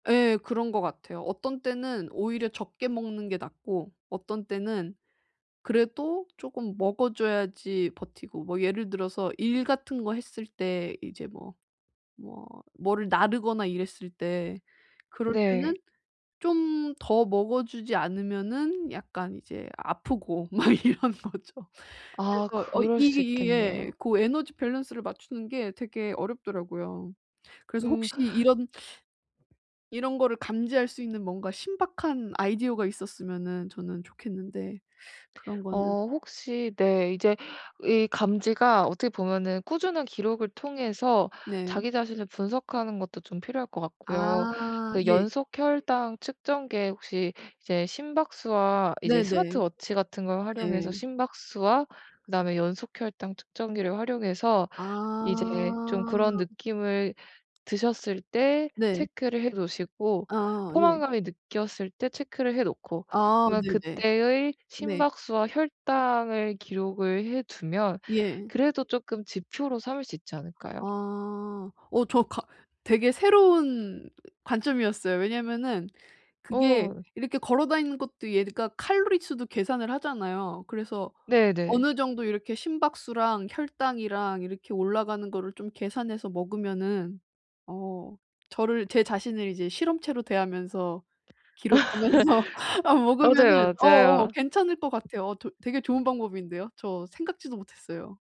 예 그런 것 같아요. 어떤 때는 오히려 적게 먹는 게 낫고 어떤 때는 그래도 쪼금 먹어 줘야지 버티고. 뭐 예를 들어서 일 같은 거 했을 때 이제 뭐, 뭐, 뭐를 나르거나 이랬을 때 그럴 네. 때는 좀 더 먹어 주지 않으면은 약간 이제 아프고 막 이런 거죠. 아 그래서 어 그럴 이게 수 이 예. 있겠네요. 고 에너지 밸런스를 맞추는 게 되게 어렵더라고요. 그래서 음. 혹시 이런 이런 거를 감지할 수 있는 뭔가 신박한 아이디어가 있었으면은 저는 좋겠는데 그런 거는 어 혹시 네. 이제 이 감지가 어떻게 보면은 꾸준한 기록을 통해서 네. 자기 자신을 분석하는 것도 좀 필요할 것 같고요. 아 그 예. 연속 혈당 측정기에 혹시 이제 심박수와 이제 네네. 스마트 워치 같은 걸 활용해서 네. 심박수와 그다음에 연속 혈당 측정기를 활용해서 이제 좀 그런 아. 느낌을 드셨을 때 네. 체크를 해 놓으시고 아 예. 포만감을 느꼈을 때 체크를 해 놓고 아 그러면 네네. 그때의 네. 심박수와 혈당을 기록을 해 두면 예. 그래도 쪼끔 지표로 삼을 수 있지 않을까요? 아 어 저 가 되게 새로운 관점이었어요. 왜냐하면은 그게 어. 이렇게 걸어 다니는 것도 얘가 칼로리 수도 계산을 하잖아요. 그래서 네네. 어느 정도 이렇게 심박수랑 혈당이랑 이렇게 올라가는 거를 좀 계산해서 먹으면은 어 저를 제 자신을 이제 실험체로 대하면서 기록하면서 어 먹으면은 맞아요, 어 어 맞아요. 괜찮을 것 같아요. 어 도 되게 좋은 방법인데요. 저 생각지도 못했어요.